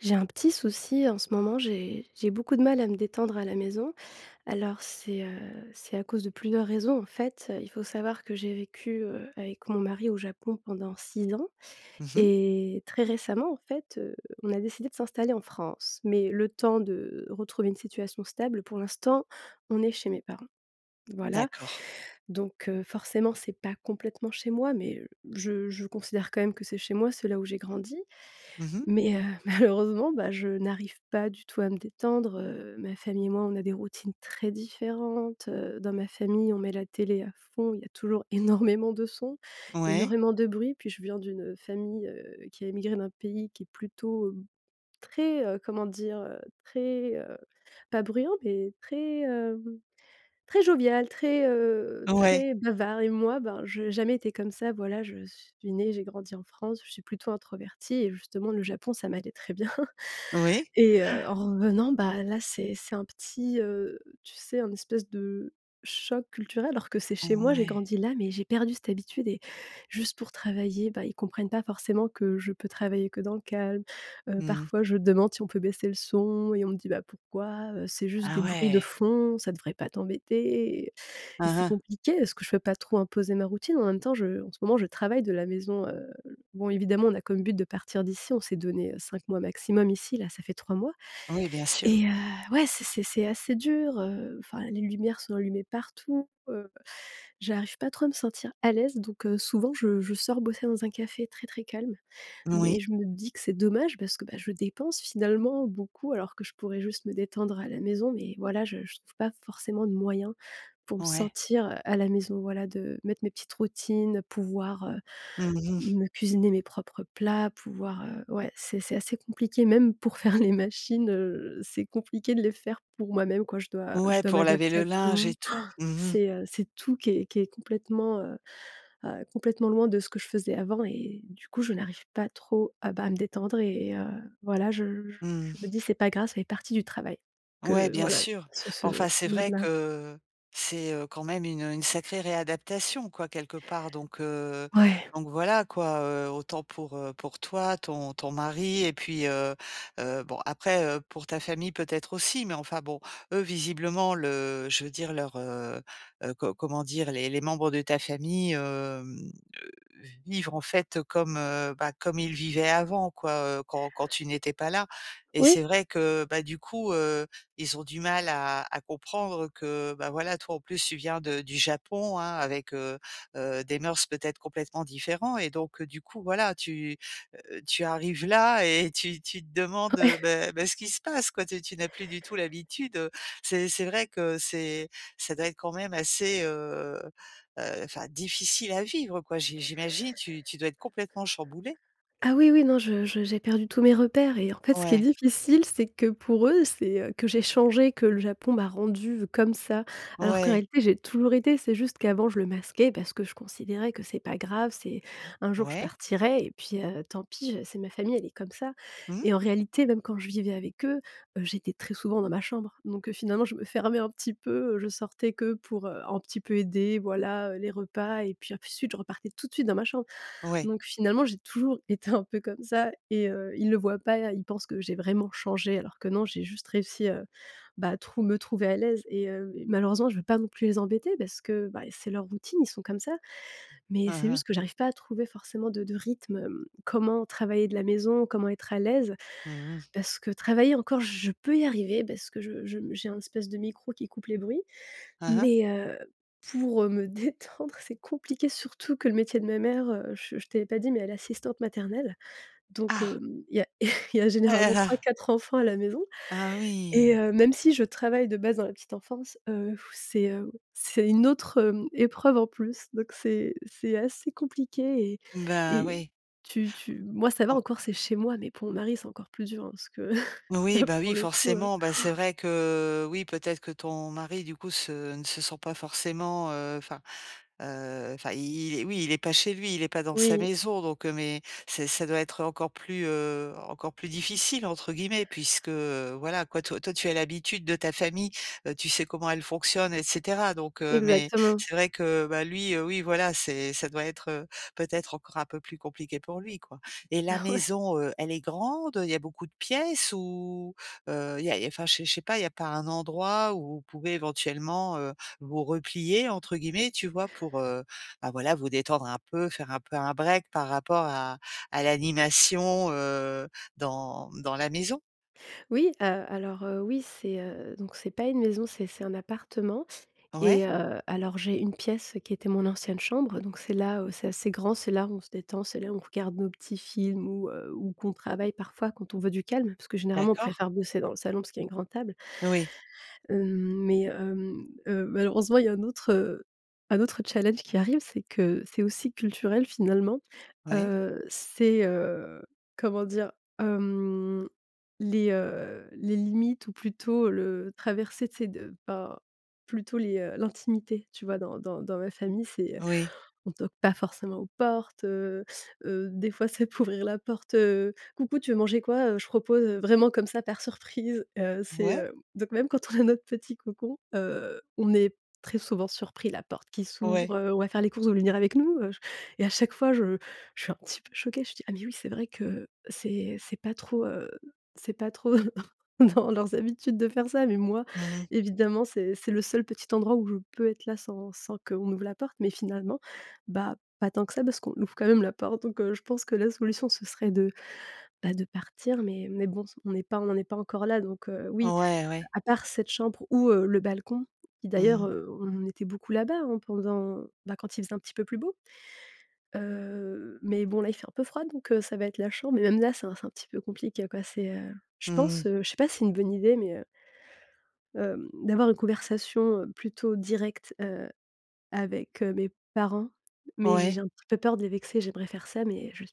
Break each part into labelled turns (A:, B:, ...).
A: J'ai un petit souci en ce moment, j'ai j'ai beaucoup de mal à me détendre à la maison. Alors c'est, heu, c'est à cause de plusieurs raisons en fait, heu, il faut savoir que j'ai vécu, heu, avec mon mari au Japon pendant 6 ans
B: Mmh mh.
A: et très récemment, en fait, heu, on a décidé de s'installer en France. Mais, le temps de retrouver une situation stable pour l'instant, on est chez mes parents. Voilà.
B: D'accord.
A: Donc, heu, forcément, c'est pas complètement chez moi, mais, heu, je je considère quand même que c'est chez moi. C'est là où j'ai grandi.
B: Mmh mh.
A: Mais, heu, malheureusement bah, je n'arrive pas du tout à me détendre. Heu, ma famille et moi, on a des routines très différentes. Heu, dans ma famille, on met la télé à fond, il y a toujours énormément de sons,
B: Ouais.
A: énormément de bruit, puis je viens d'une, heu, famille, heu, qui a émigré d'un pays qui est plutôt, hem, très, heu, comment dire? Heu, très, heu, pas bruyant, mais très, hem, très jovial, très, heu,
B: Ouais.
A: très bavard et moi, ben, j'ai jamais été comme ça, voilà. Je suis née, j'ai grandi en France, je suis plutôt introvertie et justement le Japon, ça m'allait très bien,
B: Oui. Han.
A: et heu, en revenant, bah là, c'est c'est un petit, heu, tu sais, un espèce de choc culturel, alors que c'est chez moi, j'ai
B: Ouais.
A: grandi là, mais j'ai perdu cette habitude et juste pour travailler, bah, ils comprennent pas forcément que je peux travailler que dans le calme. Heu,
B: Mmh.
A: parfois, je demande si on peut baisser le son et on me dit: «Bah pourquoi? Heu, c'est juste des
B: Ah
A: bruits de
B: ouais.
A: fond, ça devrait pas t'embêter» et
B: Hein,
A: c'est
B: hein.
A: compliqué, parce que je peux pas trop imposer ma routine. En même temps, je en ce moment je travaille de la maison, heu, l bon évidemment on a comme but de partir d'ici. On s'est donné 5 mois maximum ici, là, ça fait 3 mois
B: Oui, bien sûr.
A: et heu, ouais, c'est c'est c'est assez dur. Heu, enfin, les lumières sont allumées partout. Heu, j'arrive pas trop à me sentir à l'aise, donc heu, souvent je je sors bosser dans un café très, très calme.
B: Oui.
A: Mais je me dis que c'est dommage parce que, bah, je dépense finalement beaucoup, alors que je pourrais juste me détendre à la maison. Mais voilà, je je trouve pas forcément de moyens pour me
B: Ouais.
A: sentir, heu, à la maison, voilà, de mettre mes petites routines, pouvoir, heu,
B: Mmh mh.
A: me cuisiner mes propres plats, pouvoir, heu, ouais, c'est c'est assez compliqué. Même pour faire les machines, heu, c'est compliqué de les faire pour moi-même quoi. Je dois je
B: Ouais,
A: dois
B: pour laver
A: m'adapter
B: le
A: à tout le
B: linge et
A: monde. Han!
B: tout. Mmh mh.
A: C'est, heu, c'est tout qui est qui est complètement, heu heu, complètement loin de ce que je faisais avant et du coup, je n'arrive pas trop à, bah, à me détendre et heu, voilà, je je
B: Mmh
A: je me
B: mh.
A: dis c'est pas grave, ça fait partie du travail,
B: Ouais,
A: que
B: bien
A: voilà,
B: sûr.
A: ce
B: Bon
A: ce
B: enfin, c'est vrai
A: mode-là.
B: que c'est, heu, quand même une, heu, une sacrée réadaptation, quoi, quelque part, donc, heu,
A: Ouais.
B: donc voilà quoi, heu. Autant pour, heu, pour toi, ton ton mari et puis, heu heu, bon après, heu, pour ta famille peut-être aussi, mais enfin bon, eux, visiblement le je veux dire leur, heu heu, co comment dire? Les les membres de ta famille, hem, heu, vivre en fait comme, heu, bah, comme ils vivaient avant, quoi, heu, quand quand tu n'étais pas là, et c'est
A: Oui.
B: vrai que bah du coup, heu, ils ont du mal à à comprendre que, bah voilà, toi en plus tu viens de du Japon, hein, avec, heu heu, des mœurs peut-être complètement différents et donc du coup voilà tu, heu, tu arrives là et tu tu te demandes, heu,
A: Ouais.
B: beh beh ce qui se passe quoi. Tu tu n'as plus du tout l'habitude, heu, c'est c'est vrai que c'est ça doit être quand même assez, heu heu, enfin difficile à vivre quoi. J'i j'imagine tu tu dois être complètement chamboulée.
A: Ah oui, oui, non, je je j'ai perdu tous mes repères et en fait, ce qui est
B: Ouais.
A: difficile, c'est que pour eux, c'est, heu, que j'ai changé, que le Japon m'a rendue comme ça. Alors qu'en
B: Ouais.
A: réalité, j'ai toujours été, c'est juste qu'avant je le masquais parce que je considérais que c'est pas grave. C'est
B: O
A: un jour je
B: ouais.
A: partirais et puis, heu, tant pis, je c'est ma famille, elle est comme ça
B: Mmh
A: et
B: mh.
A: en réalité, même quand je vivais avec eux, heu, j'étais très souvent dans ma chambre. Donc, heu, finalement je me fermais un petit peu, heu, je sortais que pour, heu, un petit peu aider, voilà, heu, les repas et puis ensuite je repartais tout de suite dans ma chambre.
B: Ouais.
A: Donc finalement, j'ai toujours été un peu comme ça et heu, ils le voient pas, ils pensent que j'ai vraiment changé alors que non, j'ai juste réussi, heu, bah, à trou me trouver à l'aise et hem et malheureusement, je veux pas non plus les embêter parce que, bah, et c'est leur routine, ils sont comme ça. Mais c'est
B: Hein,
A: juste
B: hein.
A: que j'arrive pas à trouver forcément de de rythme, hem, comment travailler de la maison? Comment être à l'aise?
B: Mmh mh.
A: Parce que travailler encore, je peux y arriver parce que je je, mmh, j'ai un espèce de micro qui coupe les bruits.
B: Hein, hein.
A: Mais, heu, pour, heu, me détendre c'est compliqué, surtout que le métier de ma mère, heu, je je t'avais pas dit, mais elle est assistante maternelle donc,
B: Ah!
A: hem, il y a il y a
B: Ah, là,
A: généralement
B: là.
A: 3-4 enfants à la maison
B: Ah
A: et
B: oui.
A: heu, même si je travaille de base dans la petite enfance, heu, f c'est, heu, c'est une autre, hem, épreuve en plus. Donc c'est c'est assez compliqué et
B: Mmh, ben,
A: et
B: oui.
A: tu tu moi ça va
B: En
A: encore, c'est chez moi, mais pour mon mari, c'est encore plus dur hein, parce que
B: Oui,
A: là
B: bah
A: pour
B: oui,
A: le coup, heu,
B: forcément, bah
A: han.
B: c'est vrai que, oui, peut-être que ton mari, du coup se ne se sent pas forcément, heu, enfin, heu, enfin i il est, oui, il est pas chez lui, il est pas dans sa
A: Oui.
B: maison. Donc, heu, mais c'est ça doit être encore plus, heu, encore plus «difficile» entre guillemets puisque, heu, voilà quoi, toi toi tu as l'habitude de ta famille. Heu, tu sais comment elle fonctionne et cetera, donc heu mais
A: Exactement.
B: c'est vrai que bah lui, heu oui voilà, c'est ça doit être, heu, peut-être encore un peu plus compliqué pour lui quoi. Et la
A: Ah ouais.
B: maison, heu, elle est grande? Heu, il y a beaucoup de pièces? Ou, heu, il y a il y a, enfin, je sais je sais pas, il y a pas un endroit où vous pouvez éventuellement, heu, vous «replier» entre guillemets, tu vois? Pour, heu, bah voilà, vous détendre un peu, faire un peu un break par rapport à à l'animation, heu, dans, mmh, dans la maison.
A: Oui, heu, alors, heu, oui. C'est, heu, donc c'est pas une maison, c'est c'est un appartement
B: Ouais.
A: et heu, alors, j'ai une pièce, qui était mon ancienne chambre donc c'est là où c'est assez grand. C'est là où on se détend, c'est là où on regarde nos petits films ou heu, ou qu'on travaille parfois quand on veut du calme. Parce que généralement on
B: D'accord.
A: préfère bosser dans le salon parce qu'il y a une grande table.
B: Oui.
A: Hem, mais, hem, hem, malheureusement, il y a un autre, heu, un autre challenge qui arrive. C'est que c'est aussi culturel finalement,
B: Oui.
A: heu, c'est, heu, comment dire? Hem, les, heu, les limites ou plutôt le traverser tu sais de, ben, plutôt les, heu, l'intimité. Tu vois? Dans dans dans ma famille, c'est, heu,
B: Oui.
A: on toque pas forcément aux portes, heu, heu, des fois, ça peut ouvrir la porte, heu: «Coucou, tu veux manger quoi? Heu, je propose», heu, vraiment comme ça par surprise, heu, c'est
B: Ouais.
A: hem donc même quand on a notre petit cocon, heu, on est très souvent surpris la porte qui
B: Ouais.
A: s'ouvre, heu,: «On va faire les courses vous voulez avec nous?» Heu et à chaque fois, je je suis un petit peu choquée, je dis: «Ah mais oui, c'est vrai que c'est c'est pas trop, heu, c'est pas trop dans leurs habitudes de faire ça» mais moi,
B: Mmh mh.
A: évidemment, c'est c'est le seul petit endroit où je peux être là, sans sans qu'on ouvre la porte mais finalement, bah, pas tant que ça parce qu'on ouvre quand même la porte donc heu, je pense que la solution, ce serait de, bah, de partir, mais mais bon s on n'est pas on n'en est pas encore là donc heu, oui,
B: Ouais,
A: heu,
B: ouais.
A: à part cette chambre ou heu, le balcon, qui
B: Mmh
A: d'ailleurs,
B: mh.
A: heu, on était beaucoup là-bas, hein, pendant, bah, quand il faisait un petit peu plus beau, heu, mais bon, là, il fait un peu froid donc heu, ça va être la chambre. Mais même là, c'est un c'est un petit peu compliqué quoi. C'est, heu, je
B: Mmh
A: pense,
B: mh.
A: heu, je sais pas si c'est une bonne idée, mais, heu hem, d'avoir une conversation plutôt directe, heu, avec, heu, mes parents mais j'ai
B: Ouais.
A: j'ai un petit peu peur de les vexer. J'aimerais faire ça, mais je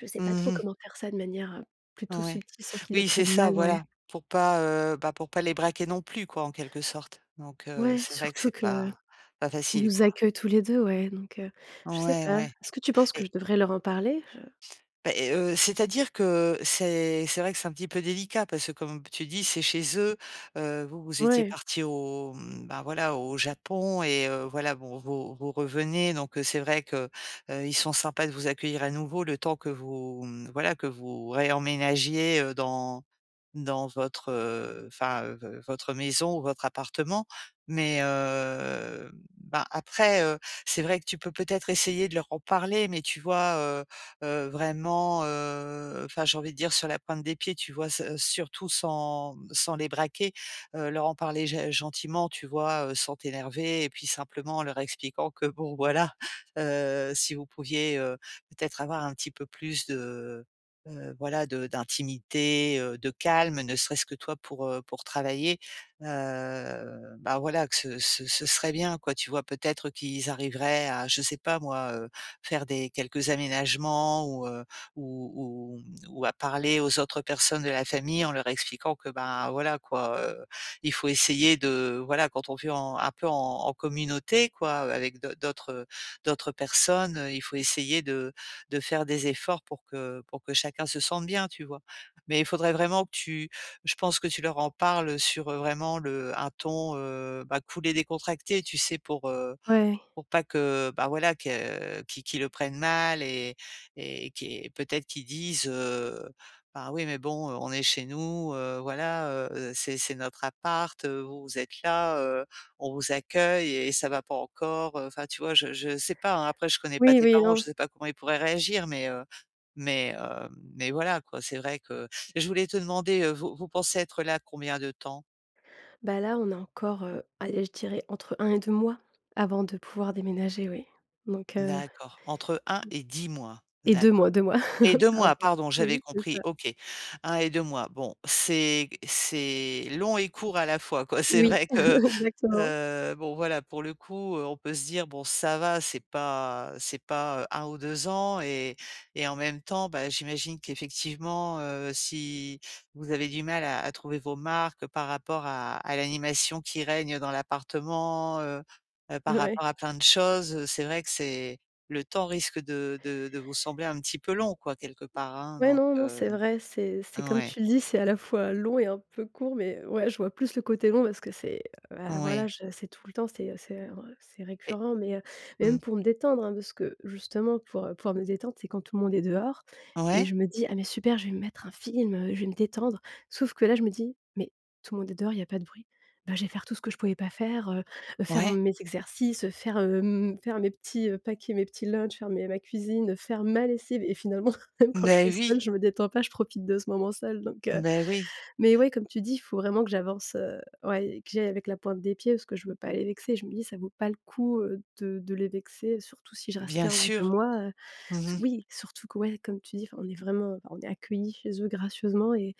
A: je sais pas trop
B: Mmh mh.
A: comment faire ça de manière, heu, plutôt
B: Ouais.
A: subtile sans qu'ils le
B: Oui, c'est
A: prennent
B: ça,
A: mal, ouais.
B: voilà. Pour pas, heu, bah, pour pas les braquer non plus quoi en quelque sorte? Donc heu,
A: Ouais,
B: c'est vrai que
A: surtout
B: c'est
A: qu'ils
B: pas pas facile
A: nous
B: quoi.
A: accueillent tous les 2 ouais donc heu, je sais
B: Ouais
A: pas.
B: ouais.
A: Est-ce que tu penses que
B: Et
A: je devrais leur en parler? Je
B: Beh et heu, c'est-à-dire que c'est c'est vrai que c'est un petit peu délicat. Parce que comme p tu dis, c'est chez eux, heu, vous vous étiez
A: Ouais.
B: partis au mmh, bah, voilà au Japon et heu, voilà bon vous vous revenez donc heu, c'est vrai que, heu, ils sont sympas de vous accueillir à nouveau le temps que vous, mmh, voilà que vous réemménagiez, heu, dans n dans votre, heu, enfin, heu, v votre maison ou votre appartement mais, heu, ben, après, heu, c'est vrai que tu peux peut-être essayer de leur en parler mais, tu vois? Heu, heu, vraiment, heu, enfin j'ai envie de dire sur la pointe des pieds. Tu vois? S heu, surtout sans, mmh, sans les braquer, heu, leur en parler g gentiment. Tu vois? Heu, sans t'énerver et puis simplement en leur expliquant que bon voilà, heu, si vous pouviez, heu, peut-être avoir un petit peu plus de, heu, voilà de d'intimité, heu, de calme ne serait-ce que toi pour, heu, pour travailler, heu, bah, voilà que ce ce ce serait bien quoi. Tu vois? Peut-être qu'ils arriveraient à je sais pas moi, heu, faire des quelques aménagements ou heu, ou ou, mmh, ou à parler aux autres personnes de la famille en leur expliquant que, ben, voilà quoi, heu, il faut essayer de, voilà quand on vit en un peu en en communauté quoi avec d'au d'autres d'autres personnes, heu, il faut essayer de de faire des efforts pour que pour que chacun se sente bien. Tu vois? Mais il faudrait vraiment que tu je pense que tu leur en parles, heu, sur heu, vraiment le un ton, heu, bah, cool et décontracté. Tu sais? Pour, heu,
A: Ouais.
B: pour pas que, bah, voilà que qui qu'ils le prennent mal et et qui est peut-être qu'ils disent: «Ben, oui mais bon on est chez nous, heu, voilà, heu, c'est c'est notre appart, heu, vous vous êtes là, heu, on vous accueille et ça va pas encore» heu, enfin tu vois? Je je sais pas, hein après je connais pas
A: Oui,
B: tes
A: oui.
B: parents.
A: Non,
B: Je
A: s
B: sais pas comment ils pourraient réagir mais, heu, mais, hem, mais voilà quoi. C'est vrai que et je voulais te demander, heu, vous vous pensez être là combien de temps?
A: Bah là, on a encore, heu, allez je dirais entre 1 et 2 mois, avant de pouvoir déménager, oui. Donc heu
B: D'accord. Entre 1 et 10 mois?
A: et 2 mois,
B: D'accord
A: 2 mois.
B: et 2 mois,
A: Pardon.
B: pardon, j'avais
A: Oui, c'est
B: compris.
A: ça.
B: OK. 1 et 2 mois, bon, c'est c'est long et court à la fois quoi, c'est
A: Oui
B: vrai que,
A: exactement.
B: heu bon voilà pour le coup, heu, on peut se dire bon ça va, c'est pas c'est pas, heu 1 ou 2 ans et et en même temps, bah, j'imagine qu'effectivement, heu, si vous avez du mal à à trouver vos marques par rapport à à l'animation qui règne dans l'appartement, heu heu, par
A: Ouais.
B: rapport à plein de choses, heu, c'est vrai que c'est Le temps risque de d-e de vous sembler un petit peu long quoi quelque part, hein,
A: Ouais,
B: donc
A: non, non,
B: heu
A: c'est vrai, c'est c'est comme
B: ouais.
A: tu le dis, c'est à la fois long et un peu court. Mais ouais, je vois plus le côté long parce que c'est, heu, bah, voilà,
B: Oui.
A: je c'est tout le temps, c'est, heu, c'est, heu, re c'est
B: Et
A: récurrent. Mais, heu, mais
B: mmh.
A: même pour me détendre hein, de ce que justement pour, heu, pour me détendre, c'est quand tout le monde est dehors et
B: Ouais.
A: je me dis: «Ah mais super, je vais me mettre un film, heu, je vais me détendre». Sauf que là, je me dis: «Mais tout le monde est dehors, il y a pas de bruit». Bah, je vais faire tout ce que je pouvais pas faire, heu heu, faire
B: Ouais.
A: mes exercices, heu, faire, hem, faire mes petits paquets, mes petits lunch, faire mes ma cuisine, faire ma lessive et finalement même quand je
B: Beh
A: suis seule,
B: oui.
A: je me détends pas, je profite de ce moment seule. Donc heu,
B: Beh oui.
A: mais ouais, comme tu dis, il faut vraiment que j'avance, heu, ouais, que j'y aille avec la pointe des pieds parce que je veux pas les vexer. Je me dis ça vaut pas le coup, heu, de de les vexer, surtout si je reste
B: Bien
A: que 1 ou 2
B: sûr.
A: mois, heu.
B: Mmh mh.
A: Oui, surtout que, ouais, comme tu dis, enfin on est vraiment, on est accueillis chez eux gracieusement et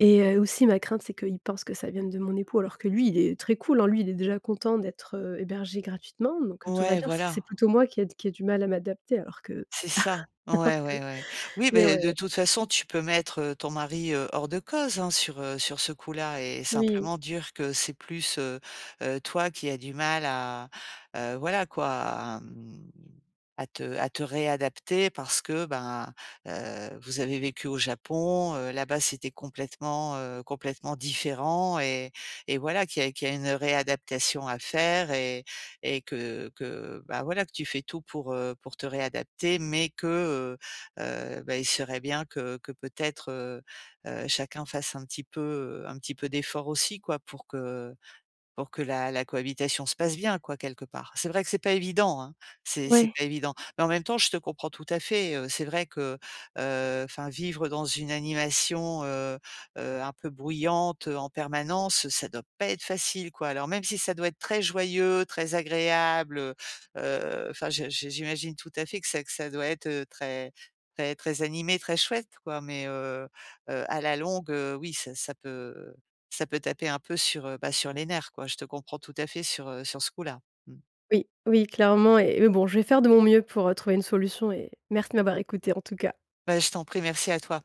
A: et heu, aussi ma crainte, c'est qu'ils pensent que ça vienne de mon époux, alors que lui, il est très cool, hein. Lui, il est déjà content d'être, heu, hébergé gratuitement, donc, heu, tout va
B: Ouais,
A: bien, c'est c'est
B: voilà.
A: plutôt moi qui ai qui ai du mal à m'adapter alors que
B: C'est
A: s
B: ça,
A: alors
B: ouais,
A: que
B: ouais, ouais. Oui,
A: mais,
B: beh,
A: ouais.
B: de toute façon, tu peux mettre ton mari, heu, hors de cause hein sur, heu, sur ce coup-là et
A: Oui.
B: simplement dire que c'est plus, heu heu, toi qui a du mal à, heu, voilà quoi à, mmh, à te à te réadapter parce que bah, heu, vous avez vécu au Japon, heu, là-bas c'était complètement, heu, complètement différent et et voilà qu'il y a qu'il y a une réadaptation à faire et et que que bah voilà que tu fais tout pour, heu, pour te réadapter mais que, heu heu, bah, il serait bien que que peut-être, heu heu, chacun fasse un petit peu, heu, un petit peu d'efforts aussi quoi. Pour que pour que la la cohabitation se passe bien, quoi, quelque part. C'est vrai que c'est pas évident, hein. C'est c'est
A: Ouais.
B: pas évident. Mais en même temps, je te comprends tout à fait, heu, c'est vrai que, heu, enfin vivre dans une animation, heu heu, un peu bruyante, heu, en permanence, ça doit pas être facile quoi. Alors même si ça doit être très joyeux, très agréable, heu heu, enfin je j'i j'imagine tout à fait que ça que ça doit être, heu, très très très animé très chouette quoi mais, heu heu, à la longue, heu, oui ça ça peut ça peut taper un peu sur, heu, bah, sur les nerfs quoi. Je te comprends tout à fait sur, heu, sur ce coup là. Mmh.
A: Oui, oui, clairement et mais bon, je vais faire de mon mieux pour, heu, trouver une solution et merci de m'avoir écoutée, en tout cas.
B: Bah je t'en prie, merci à toi.